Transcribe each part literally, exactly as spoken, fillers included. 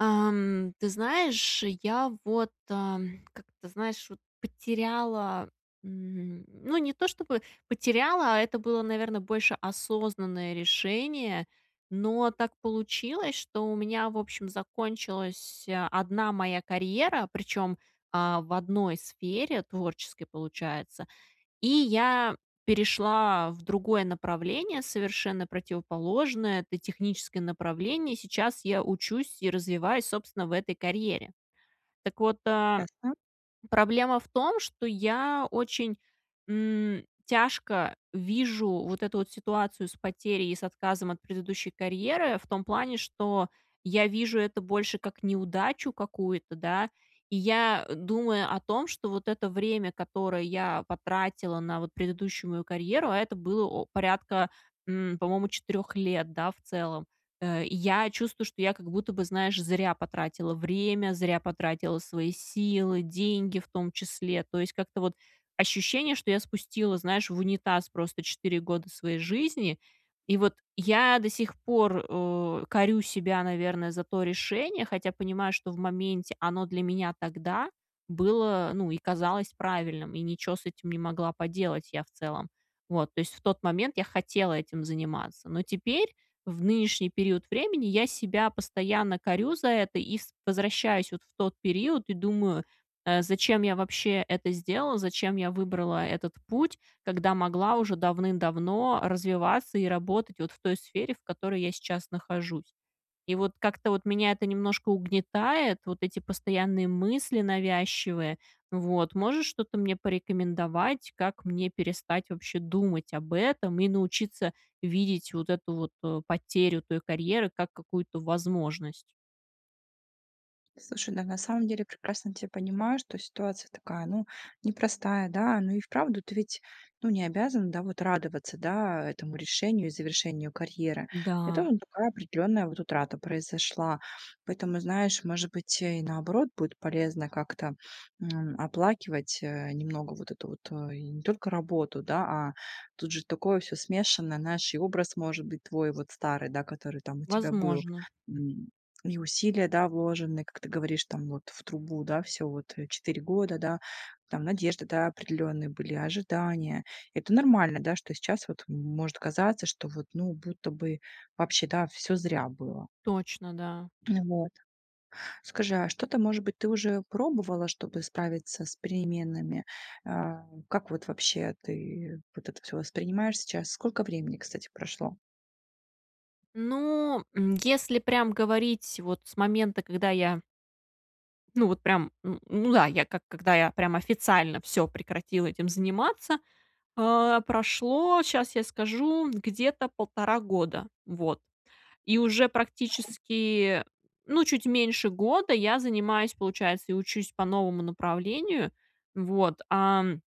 Ам, ты знаешь, я вот, а, как-то, знаешь, вот потеряла, м, ну, не то чтобы потеряла, а это было, наверно, больше осознанное решение. Но так получилось, что у меня, в общем, закончилась, одна моя карьера, причем, а, в одной сфере, творческой, получается. И я перешла в другое направление, совершенно противоположное. Это техническое направление. Сейчас я учусь и развиваюсь, собственно, в этой карьере. Так вот, э, Ясно. проблема в том, что я очень, м, тяжко вижу вот эту вот ситуацию с потерей и с отказом от предыдущей карьеры в том плане, что я вижу это больше как неудачу какую-то, да. И я, думая о том, что вот это время, которое я потратила на вот предыдущую мою карьеру, а это было о порядка, м, по-моему, четырех лет, да, в целом. Э, я чувствую, что я как будто бы, знаешь, зря потратила время, зря потратила свои силы, деньги в том числе. То есть как-то вот ощущение, что я спустила, знаешь, в унитаз просто четыре года своей жизни. И вот я до сих пор, у корю себя, наверное, за то решение, хотя понимаю, что в моменте оно для меня тогда было, ну и казалось правильным, и ничё с этим не могла поделать я в целом. Вот. То есть в тот момент я хотела этим заниматься. Но теперь, в нынешний период времени, я себя постоянно корю за это и с возвращаюсь вот в тот период и думаю, э, зачем я вообще это сделала, зачем я выбрала этот путь, когда могла уже давным-давно развиваться и работать вот в той сфере, в которой я сейчас нахожусь. И вот как-то вот меня это немножко угнетает, вот эти постоянные мысли навязчивые. Вот. Можешь что-то мне порекомендовать, как мне перестать вообще думать об этом и научиться видеть вот эту вот, э, потерю той карьеры как какую-то возможность. Слушай, да, на самом деле, прекрасно тя понимаю, что ситуация такая, ну, непростая, да. Ну, и вправду, ты ведь, ну, не обязана, да, вот радоваться, да, а, этому решению и завершению карьеры. Это Да. вот такая определённая вот утрата произошла. Поэтому, знаешь, может быть, и наоборот будет полезно как-то, м, оплакивать. Э, немного вот эту вот и не только работу, да, а тут же такое всё смешанное. Знаешь, и образ может быть твой вот старый, да, который там у тебя был. Возможно. М, и усилия, да, вложены, как ты говоришь, там вот в трубу. Да, всё вот четыре года, да. Там, надежды, да, определенные были, ожидания. Это нормально, да, что сейчас вот, м, может казаться, что вот, ну, будто бы вообще, да, всё зря было. Точно, да. Вот. Скажи, а что-то, может быть, ты уже пробовала, чтобы справиться с переменами? А, как вот вообще ты вот это всё воспринимаешь сейчас? Сколько времени, кстати, прошло? Ну, м, если прям говорить вот с момента, когда я ну, вот прям, м, ну да, я как когда я прям официально всё прекратила этим заниматься. А, прошло, щас я скажу, где-то полтора года. Вот. И уже практически, ну, чуть меньше года я занимаюсь, получается, и учусь по новому направлению. Вот, ам,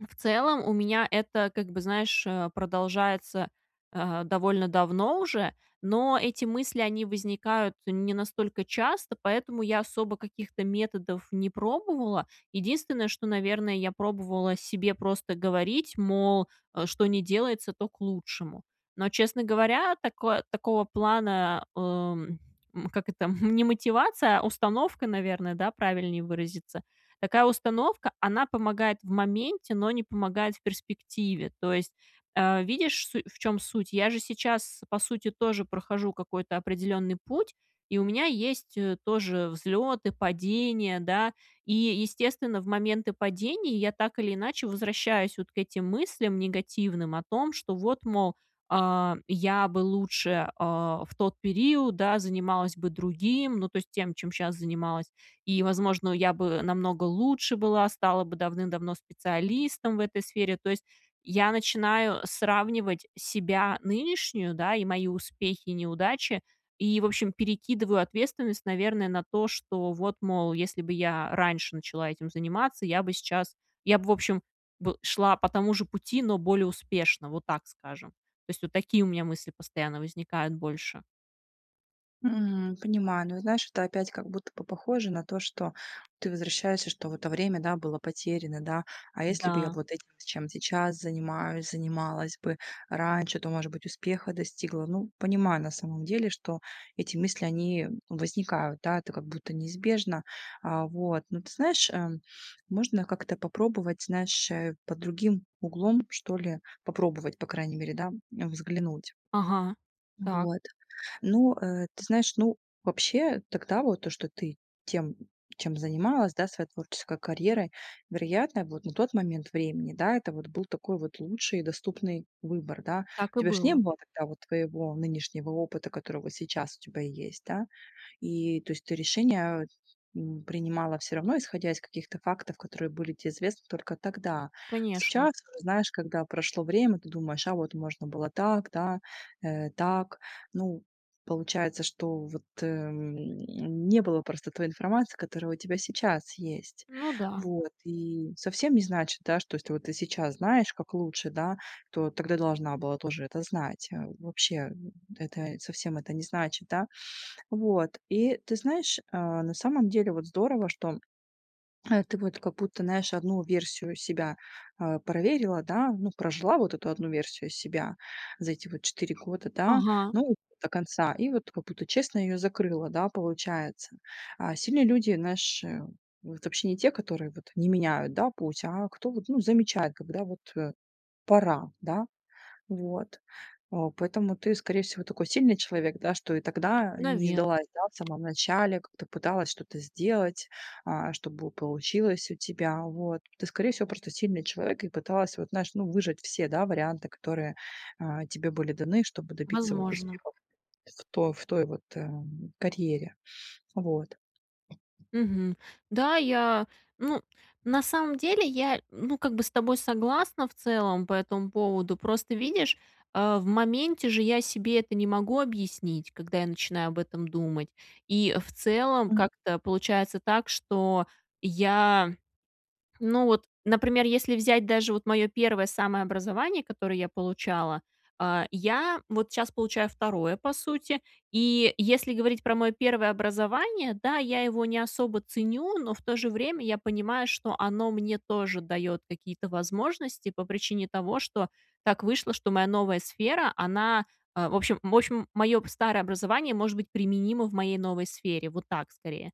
в целом, у меня это, как бы, знаешь, э, продолжается, э, довольно давно уже. Но эти мысли, они возникают не настолько часто. Поэтому я особо каких-то методов не пробовала. Единственное, что, наверное, я пробовала себе просто говорить, мол, э, что ни делается, то к лучшему. Но, честно говоря, тако такого плана, эм, м, как это, м, не мотивация, а установка, наверное, да, правильнее выразиться. Такая установка, она помогает в моменте, но не помогает в перспективе. То есть, э, видишь су в чём суть. Я же сейчас по сути тоже прохожу какой-то определенный путь и у меня есть, э, тоже взлеты, падения. Да. И естественно в моменты падения я так или иначе возвращаюсь вот к этим мыслям негативным. О том, что вот, мол, а, я бы лучше, а, в тот период, да, занималась бы другим. Ну, то есть тем, чем щас занималась, и, возможно, я бы намного лучше была. Стала бы давным-давно специалистом в этой сфере. То есть, я начинаю сравнивать себя нынешнюю, да, и мои успехи и неудачи. И, в общем, перекидываю ответственность, наверное, на то, что вот, мол, если бы я раньше начала этим заниматься, я бы сейчас я бы, в общем б шла по тому же пути, но более успешно, вот так скажем. То есть, вот такие у меня мысли постоянно возникают больше. Мгм, понимаю, но знаешь, это опять как будто бы похоже на то, что ты возвращаешься, что в это время было потеряно, да. А если бы я Да. вот этим, чем сейчас занимаюсь, занималась бы раньше, то, может быть, успеха достигла. Ну, понимаю, на самом деле, что эти мысли, они возникают, да. Это как будто неизбежно, а, вот. Но ты знаешь, эм, можно как-то попробовать, знаешь, э, под другим углом, что ли, попробовать, по крайней мере, да, взглянуть. Ага, так. Вот, ну, э, ты знаешь, ну, вообще тогда вот то, что ты тем, чем занималась, да, своей творческой карьерой. Вероятно, вот на тот момент времени, да, это вот был такой вот лучший и доступный выбор, да. Так У и тебя же не было. было вот твоего нынешнего опыта, который вот сейчас у тебя есть, да. И, то есть ты решение, м, принимала всё равно исходя из каких-то фактов, которые были тебе известны только тогда. Конечно. Сейчас, знаешь, когда прошло время, ты думаешь: "А вот можно было так, да, э, так". Ну, получается, что вот, э, м, не было просто той информации, которая у тебя сейчас есть. Ну да. Вот. И совсем не значит, да, что если вот ты сейчас знаешь, как лучше, да, то тогда должна была тоже это знать. Вообще это совсем это не значит, да. Вот. И ты знаешь, а, на самом деле, вот здорово, что, э, ты вот как будто, знаешь, одну версию себя, а, проверила, да, ну, прожила вот эту одну версию себя за эти вот четыре года, да, Ага. ну, до конца. И вот как будто честно ее закрыла, да, получается. А сильные люди, знаешь, э, вот вообще не те, которые вот не меняют, да, путь, а кто вот, ну, замечает, когда вот, э, пора, да. Вот. Э, поэтому ты, скорее всего, такой сильный человек, да, что и тогда не Наве сдалась, да, в самом начале, как-то пыталась что-то сделать, а, чтобы получилось у тебя. Вот. Ты, скорее всего, просто сильный человек и пыталась, вот, знаешь, ну, выжать все, да, варианты, которые, а, тебе были даны, чтобы добиться вот Возможно. успехов в той, в той вот, э, карьере. Вот. Мгм. Да, я, ну, на самом деле, я, ну, как бы с тобой согласна в целом по этому поводу. Просто, видишь, э, в моменте же я себе это не могу объяснить, когда я начинаю об этом думать. И в целом Мгм. как-то получается так, что я, ну, вот, например, если взять даже вот мое первое самое образование, которое я получала, а, я вот щас получаю второе, по сути. И если говорить про мое первое образование, да, я его не особо ценю. Но в то же время я понимаю, что оно мне тоже дает какие-то возможности по причине того, что так вышло, что моя новая сфера, она, э, в общем в общем, мое старое образование может быть применимо в моей новой сфере, вот так, скорее.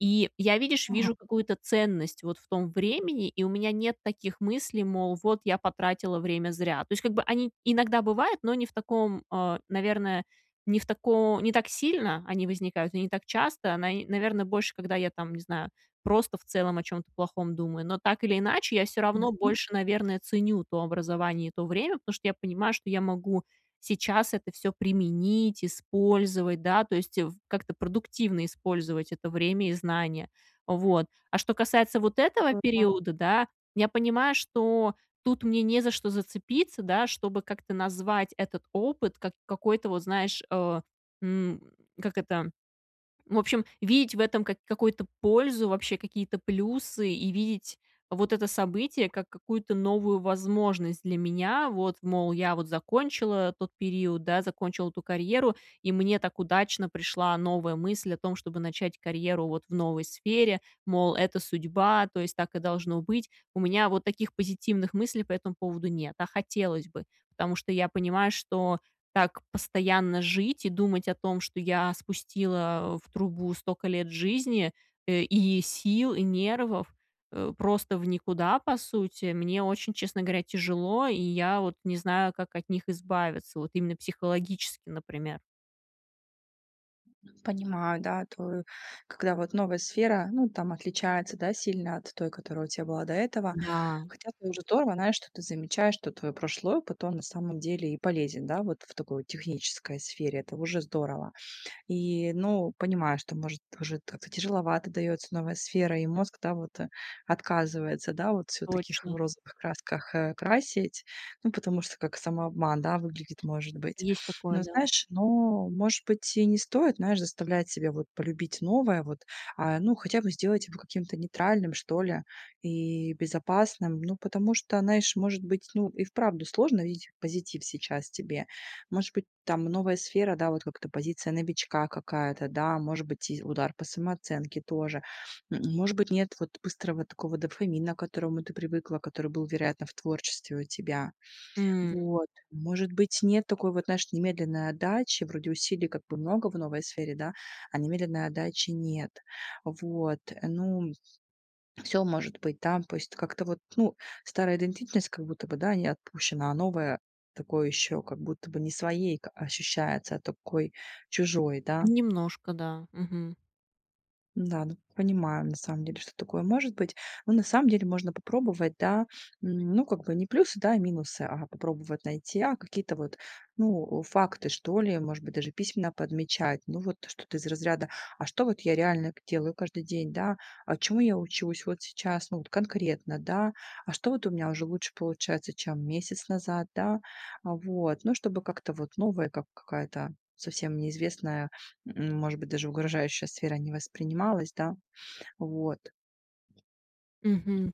И я, видишь, Ага. вижу какую-то ценность вот в том времени, и у меня нет таких мыслей, мол: "Вот, я потратила время зря". То есть, как бы, они иногда бывают, но не в таком, а, наверное, не в тако не так сильно они возникают и не так часто. Наи наверное, больше, когда я там, не знаю, просто в целом о чем-то плохом думаю, но так или иначе я всё равно Ясно. больше, наверное, ценю то образование и то время. Потому что я понимаю, что я могу сейчас это всё применить, использовать, да, то есть в как-то продуктивно использовать это время и знания, вот. А что касается вот [unintelligible] . этого периода, да, я понимаю, что тут мне не за что зацепиться, да, чтобы как-то назвать этот опыт как какой-то, вот знаешь, э, м, как это, в общем, видеть в этом как какую-то пользу, вообще какие-то плюсы и видеть вот это событие как какую-то новую возможность для меня, вот. Мол, я вот закончила тот период, да, закончила ту карьеру, и мне так удачно пришла новая мысль о том, чтобы начать карьеру вот в новой сфере, мол: "Это судьба, то есть так и должно быть". У меня вот таких позитивных мыслей по этому поводу нет, а хотелось бы. Потому что я понимаю, что так постоянно жить и думать о том, что я спустила в трубу столько лет жизни, э, и сил, и нервов, э, просто в никуда, по сути. Мне очень, честно говоря, тяжело, и я вот не знаю, как от них избавиться, вот именно психологически, например. Понимаю, да, твою когда вот новая сфера, ну, там отличается, да, сильно от той, которая у тя была до этого. Да. Хотя тоже здорово, знаешь, что ты замечаешь, что твой прошлый опыт, он, на самом деле, и полезен, да, вот в такой технической сфере. Это уже здорово. И, ну, понимаю, что, может, уже как-то тяжеловато дается новая сфера, и мозг, да, вот, э, отказывается, да, вот всё в таких Точно. розовых красках, э, красить. Ну, потому что как самообман, да, выглядит, может быть. Есть такое, Но, да. знаешь, ну, может быть, и не стоит, знаешь, заставлять себя вот полюбить новое вот, а, ну, хотя бы сделать его каким-то нейтральным, что ли, и безопасным. Ну, потому что, знаешь, может быть, ну, и вправду сложно видеть позитив сейчас тебе. Может быть, там новая сфера, да, вот как-то позиция новичка какая-то, да, может быть, и удар по самооценке тоже. М может быть, нет вот быстрого такого дофамина, к которому ты привыкла, который был, вероятно, в творчестве у тебя. М. Вот. Может быть, нет такой вот, знаешь, немедленной отдачи. Вроде усилий как бы много в новой сфере, да, а немедленной отдачи нет. Вот. Ну, всё может быть там. То есть как-то вот, ну, старая идентичность как будто бы, да, не отпущена, а новая такой ещё как будто бы не своей ка ощущается, а такой чужой, да. Немножко, да, мгм. Да, ну, т понимаем, на самом деле, что такое может быть. Ну, на самом деле, можно попробовать, да, ну, как бы не плюсы, да, а минусы, а, попробовать найти, а какие-то вот, ну, факты, что ли, может быть, даже письменно подмечать. Ну, вот что-то из разряда: а что вот я реально к делаю каждый день, да, а чему я учусь вот сейчас, ну, вот конкретно, да, а что вот у меня уже лучше получается, чем месяц назад, да. Вот. Ну, чтобы как-то вот новая, как какая-то совсем неизвестная, может быть, даже угрожающая сфера не воспринималась, да. Вот. Мгм.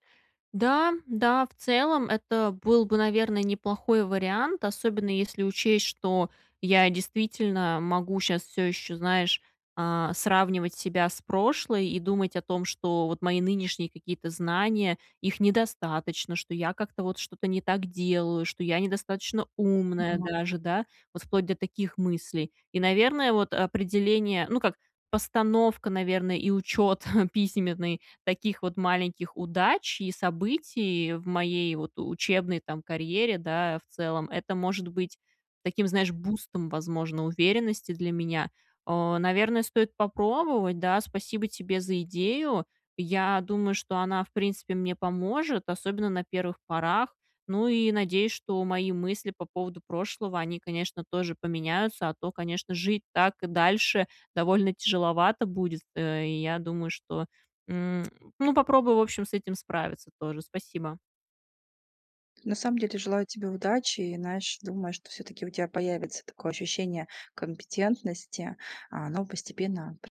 Да, да, в целом, это был бы, наверно, неплохой вариант, особенно если учесть, что я действительно могу щас всё еще, знаешь, э, сравнивать себя с прошлой и думать о том, что вот мои нынешние какие-то знания, их недостаточно, что я как-то вот что-то не так делаю, что я недостаточно умная Понимаю. даже, да, вот вплоть до таких мыслей. И, наверное, вот определение, ну как, постановка, наверное, и учет письменный таких вот маленьких удач и событий в моей вот учебной там карьере, да, в целом, это может быть таким, знаешь, бустом, возможно, уверенности для меня. Э, наверно, стоит попробовать, да. Спасибо тебе за идею. Я думаю, что она, в принципе, мне поможет, особенно на первых порах. Ну и надеюсь, что мои мысли по поводу прошлого, они, конечно, тоже поменяются. А то, конечно, жить так и дальше довольно тяжеловато будет, э, и я думаю, что, м, ну, попробую, в общем, с этим справиться тоже. Спасибо. На самом деле желаю тебе удачи. И знаешь, думаю, что всё-таки у тебя появится такое ощущение компетентности, оно постепенно п